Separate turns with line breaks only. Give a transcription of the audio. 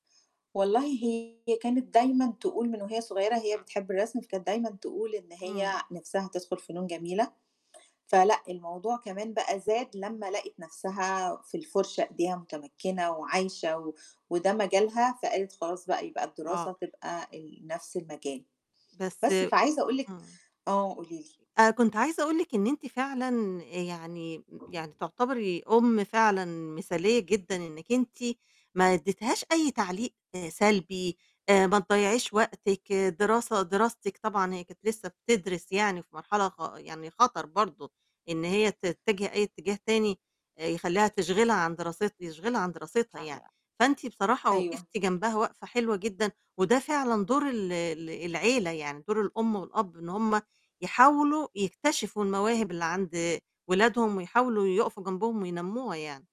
والله هي كانت دايمًا تقول من وهي صغيرة هي بتحب الرسم، فكانت دايمًا تقول إن هي
إمم.
نِفْسها تدخُل فنون جميلة، فلأ الموضوع كمان بقى زاد لمّا لقِت نَفْسها في الفُرشة إيديها مُتمكِّنة وعايشة و وده مجالها، فقالت خلاص بقى يبقى
آه.
الدراسة تبقى ال نَفْس المجال.
بس
بس، فعايزة أقول لِك
إمم.
آه، قولي لي.
آآ، كنت عايزة أقول لِك إن أنتِ فعلًا يعني يعني تُعتبري أم فعلًا مثالية جدًا إنِّك أنتِ ما ادّيتهاش أي تعليق سلبي، آآ، ما تضيّعيش وقتِك، دراسة دراستِك طبعًا هي كنت لسّه بتدرِس يعني في مرحلة خ يعني خَطَر برضه إن هي تتِّجِه أي اتجاه تاني آآ، يخلّيها تشغِلها عن دراست يشغلها عن دراستها يعني، فأنت بصراحة
أيوه.
وقفتِ جنبها وقفة حلوة جدًا، وده فعلًا دور ال ال العيلة، يعني دور الأم والأب، إن هم يحاولوا يكتشفوا المواهب اللي عند ولادهم ويحاولوا يُقفوا جنبهم وينمّوها يعني.